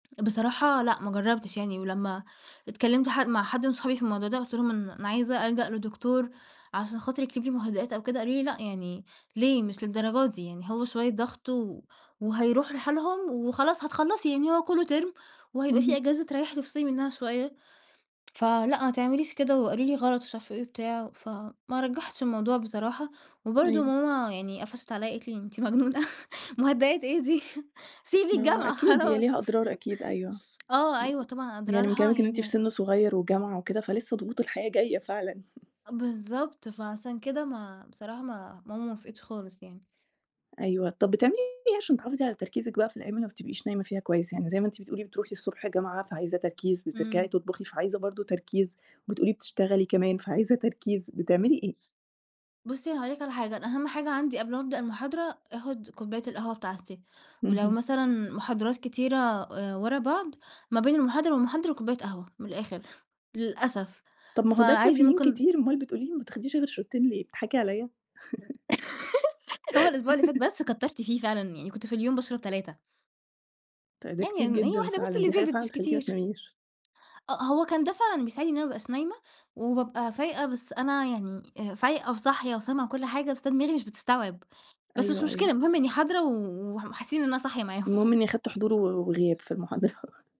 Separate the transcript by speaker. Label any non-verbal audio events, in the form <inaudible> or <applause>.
Speaker 1: بصراحة لأ ما جرّبتش يعني، ولمّا اتكلمت حد مع حد من صحابي في الموضوع ده وقُلت لهم أن أنا عايزة ألجأ لدكتور عشان خاطر يكتب لي مهدئات أو كده، قالوا لي: "لأ يعني ليه؟! مش للدرجة دي يعني هو شوية ضغط و وهيروح لحالهم وخلاص هتخلّصي يعني هو كلّه term وهيبقى في
Speaker 2: اهم.
Speaker 1: أجازة تريّحِي وتفصلي منّها شوية، فلأ ما تعمليش كده" وقالوا لي غلط ومش عارفة إيه وبتاع وف ما رجّحتش الموضوع بصراحة، وبرضه
Speaker 2: أيوه.
Speaker 1: ماما يعني قفشت عليّا قالت لي: "أنتِ مجنونة <chuckles> مهدئات إيه دي؟! <chuckles> سيبي
Speaker 2: ما هو
Speaker 1: الجامعة
Speaker 2: أكيد، هي
Speaker 1: خلاص"
Speaker 2: ليها
Speaker 1: <laughs>
Speaker 2: أضرار أكيد، أيوه.
Speaker 1: آه أيوه طبعًا
Speaker 2: يعني من
Speaker 1: أضرارها
Speaker 2: كلامِك إن أنتِ
Speaker 1: يعني
Speaker 2: في
Speaker 1: ه
Speaker 2: سِن صغيّر وجامعة وكده فلسه ضغوط الحياة جاية فعلًا. <laughs>
Speaker 1: أ بالضبط فعشان كده ما بصراحة ما ماما ما وافقِتش خالص يعني.
Speaker 2: أيوه طَب بتعملي إيه عشان تحافظي على تركيزِك بقى في الجامعة وما بتبقيش نايمة فيها كويس، يعني زي ما أنتِ بتقولي بتروحي الصبح الجامعة فعايزة تركيز بترجعي
Speaker 1: إمم.
Speaker 2: تطبخي فعايزة برضه تركيز، وبتقولي بتشتغلي كمان فعايزة تركيز، بتعملي إيه؟
Speaker 1: بُصّي أنا هاقول لِك على حاجة أنا أهم حاجة عندي قبل ما ابدأ المحاضرة آخُد كوباية القهوة بتاعتي، ولو
Speaker 2: اهم.
Speaker 1: مثلًا محاضرات كتيرة آآ ورا بعض ما بين المحاضرة والمحاضرة كوباية قهوة، من الآخر للأسف.
Speaker 2: طَب ما هو ده
Speaker 1: فعادي
Speaker 2: caffeine
Speaker 1: ممكن
Speaker 2: كتير أمال بتقولي لي ما بتاخديش غير شوتين ليه؟ بتضحكي عليّا؟ <laughs>
Speaker 1: <laughs> هو الأسبوع اللي فات
Speaker 2: <laughs>
Speaker 1: بس كتَرت فيه فعلًا، يعني كنت في اليوم باشرب 3.
Speaker 2: تأ ده
Speaker 1: يعني
Speaker 2: كتير
Speaker 1: إن هي
Speaker 2: جدًا
Speaker 1: واحدة بس
Speaker 2: فعلًا،
Speaker 1: اللي
Speaker 2: دي حاجة
Speaker 1: زادت
Speaker 2: فعلًا
Speaker 1: مش
Speaker 2: تخلّيكِ ما
Speaker 1: كتير.
Speaker 2: تناميش.
Speaker 1: أ آه، هو كان ده فعلًا بيساعدني إن أنا ما ابقاش نايمة وبابقى فايقة بس أنا يعني آآ، فايقة وصاحية وسامعة كل حاجة بس أنا دماغي مش بتستوعب بس مش
Speaker 2: أيوه،
Speaker 1: مشكلة
Speaker 2: أيوه.
Speaker 1: المهم إنّي حاضرة و ومح وحاسّين إن أنا صاحية معاهم.
Speaker 2: المهم إنّي أخدت حضور و وغياب في المحاضرة. <laughs>